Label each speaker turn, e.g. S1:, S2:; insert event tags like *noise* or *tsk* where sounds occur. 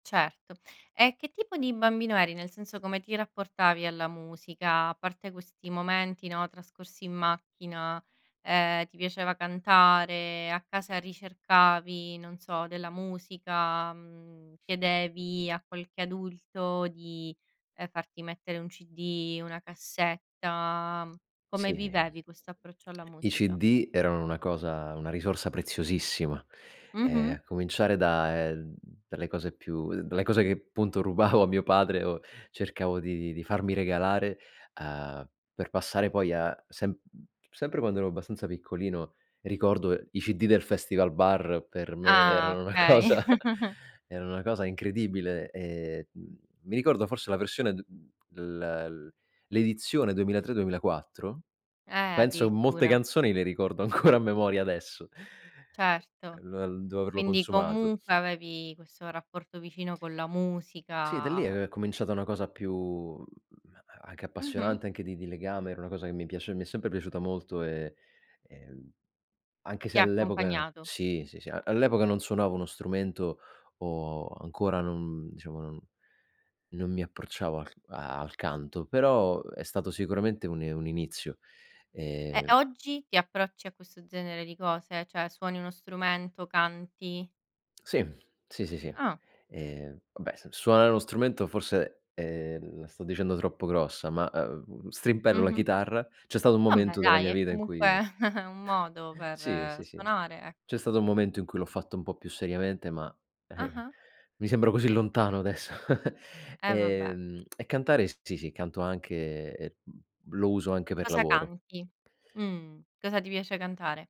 S1: Certo. E che tipo di bambino eri? Nel senso come ti rapportavi alla musica? A parte questi momenti, no, trascorsi in macchina, ehm, ti piaceva cantare? A casa ricercavi, non so, della musica? Mhmm, chiedevi a qualche adulto di, ehm, farti mettere un CD, una cassetta? Come
S2: Sì.
S1: vivevi questo approccio alla
S2: I
S1: musica?
S2: CD erano una cosa una risorsa preziosissima, ehm,
S1: Mh-mh.
S2: a cominciare da, ehm, dalle cose più dalle cose che appunto rubavo a mio padre o cercavo di di di farmi regalare, uhm, per passare poi a sem sempre quando ero abbastanza piccolino ricordo i CD del festival bar per me
S1: Ah,
S2: erano una
S1: okay.
S2: cosa
S1: *chuckles*
S2: erano una cosa incredibile e, mhmm, mi ricordo forse la versione d l l l'edizione 2003-2004,
S1: Eh,
S2: penso molte
S1: addirittura.
S2: canzoni le ricordo ancora a memoria adesso.
S1: Certo.
S2: lo devo averlo
S1: Quindi
S2: consumato.
S1: comunque avevi questo rapporto vicino con la
S2: Sì, da lì
S1: musica.
S2: è cominciata una cosa più mhmm, a a anche
S1: Mh-mh.
S2: appassionante anche di di legame, era una cosa che mi piace mi è sempre piaciuta molto e, ehm, anche se
S1: Ti ha
S2: all'epoca
S1: accompagnato.
S2: sì, sì, sì, a all'epoca non suonavo uno strumento o ancora non, diciamo, non non mi approcciavo al c al canto, però è stato sicuramente un i un inizio,
S1: Ehm,
S2: ehm
S1: oggi ti approcci a questo genere di cose? Cioè suoni uno strumento? Canti?
S2: Sì, sì, sì, sì.
S1: Ah.
S2: Ehm, vabbè s suonare uno strumento forse, ehm, la sto dicendo troppo grossa ma, uhm, strimpello la
S1: Mh-mh.
S2: chitarra. C'è stato un
S1: Vabbè
S2: momento della
S1: dai,
S2: mia
S1: è
S2: vita in
S1: comunque
S2: cui
S1: *chuckles* un modo
S2: *chuckles* sì,
S1: per
S2: sì, sì,
S1: suonare,
S2: c'è
S1: ecco.
S2: stato un momento in cui l'ho fatto un po' più seriamente ma, ehm,
S1: Ah-ah.
S2: mi sembra così lontano adesso. *chuckles*
S1: Eh, vabbè.
S2: Ehm, *tsk* e cantare sì, sì, canto anche e e, mhmm, lo uso anche per
S1: Cosa
S2: lavoro.
S1: canti? Mh. Cosa ti piace cantare?